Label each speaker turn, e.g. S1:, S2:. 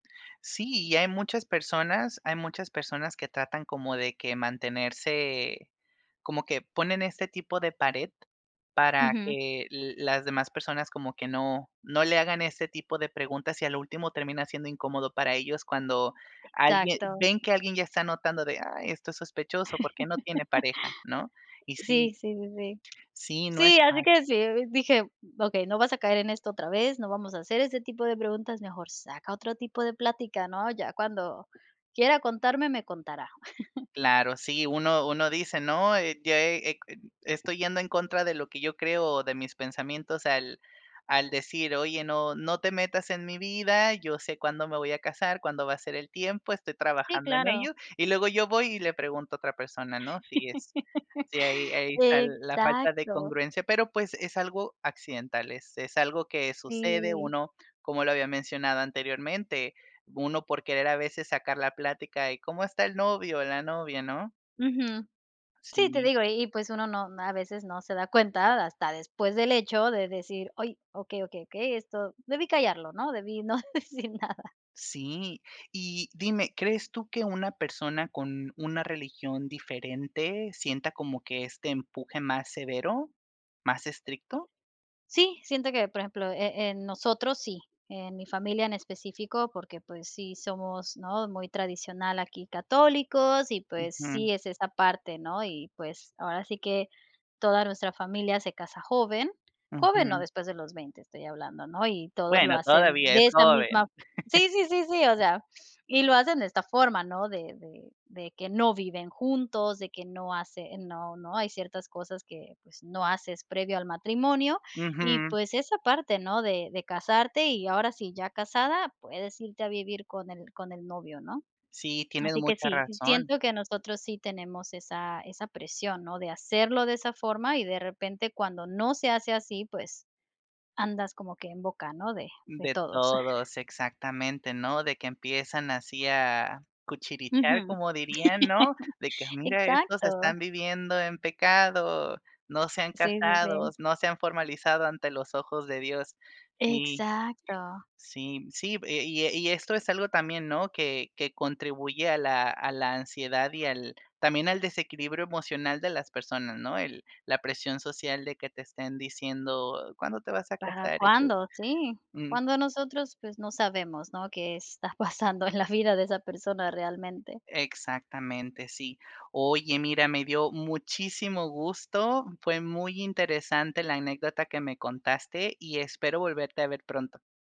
S1: Sí, y hay muchas personas hay muchas personas, que tratan como, de que mantenerse, como que ponen este tipo de pared, para
S2: Ujú.
S1: que la las demás personas, como que no no le hagan ese tipo de preguntas, y a lo último termina siendo incómodo para ellos cuando alguien
S2: Exacto.
S1: ven que alguien ya está notando de: "Ay, esto es sospechoso, ¿por qué no tiene pareja?", ¿no? Y sí
S2: Sí, sí, sí, sí.
S1: sí, no es
S2: Sí, así
S1: malo.
S2: que sí, [unintelligible] dije: "Okey, no vas a caer en esto otra vez, no vamos a hacer, ese tipo de preguntas, mejor saca, otro tipo de plática, ¿no? Ya, cuando quiera contarme, me contará".
S1: Claro, sí, uno uno dice: "No, eh, ya eh eh estoy yendo en contra de lo que yo creo o de mis pensamientos", al al decir: "Oye, no no te metas en mi vida, yo sé cuándo me voy a casar, cuándo va a ser el tiempo, estoy
S2: Sí,
S1: trabajando en
S2: claro.
S1: ello, y luego yo voy, y le pregunto a otra persona, ¿no?". Sí es sí, ahí ahí está la falta de
S2: Exacto.
S1: congruencia, pero pues es algo accidental, es es algo que sucede,
S2: Sí.
S1: uno, como lo había mencionado anteriormente, uno por querer a veces, sacar la plática, y, ¿cómo está el novio? La novia, ¿no?
S2: Ujú. Sí, te
S1: Sí.
S2: digo, y y, pues, uno no a veces no se da cuenta, hasta después del hecho de decir: "Ay, okey, okey, okey, esto debí callarlo, ¿no? Debí no decir nada".
S1: Sí, y dime, ¿crees tú que una persona, con una religión diferente, sienta como que este empuje más severo, más estricto?
S2: Sí, siento que, por ejemplo, eh, en nosotros sí, en mi familia en específico, porque, pues, sí somos, ¿no? Muy tradicional, aquí católicos y, pues,
S1: Ujú.
S2: sí es esta parte, ¿no? Y, pues, ahora sí que toda nuestra familia se casa joven. Joven, no,
S1: Ujú.
S2: después de los 20, estoy hablando, ¿no? Y todos lo
S1: Bueno,
S2: hacen
S1: todavía es
S2: de esa misma
S1: joven.
S2: sí, sí, sí, o sea, y lo hacen de esta forma, ¿no? De de de que no viven juntos, de que no hacen no no hay ciertas cosas que, pues, no haces previo al matrimonio. Y,
S1: Ujú.
S2: pues, esa parte, ¿no? De de casarte, y ahora sí ya casada, puedes irte a vivir, con el con el novio, ¿no?
S1: Sí, tienes
S2: Así que
S1: mucha
S2: sí,
S1: razón.
S2: siento que nosotros sí tenemos, esa esa presión, ¿no? De hacerlo de esa forma, y de repente, cuando no se hace así, pues andas como que en boca, ¿no? De de
S1: De
S2: todos.
S1: todos, exactamente, ¿no? De que empiezan así, a cuchichear
S2: Ujú.
S1: como dirían, ¿no? De que: "Mira, estos
S2: Exacto.
S1: están viviendo en pecado, no se han
S2: Sí, sí, sí.
S1: casados, no se han formalizado ante los ojos de Dios". Sí,
S2: Exacto.
S1: sí, sí, y e y e y esto es algo también, ¿no? Que que contribuye a la a la ansiedad y al, también al desequilibrio emocional de las personas, ¿no? El la presión social, de que te estén diciendo: "¿Cuándo te vas a
S2: ¿Para
S1: casar?" y tú,
S2: cuándo? Sí,
S1: mm.
S2: cuando nosotros, pues, no sabemos, ¿no? Qué está pasando en la vida de esa persona realmente.
S1: Exactamente, sí. Oye, mira, me dio muchísimo gusto, fue muy interesante la anécdota que me contaste, y espero volverte a ver pronto.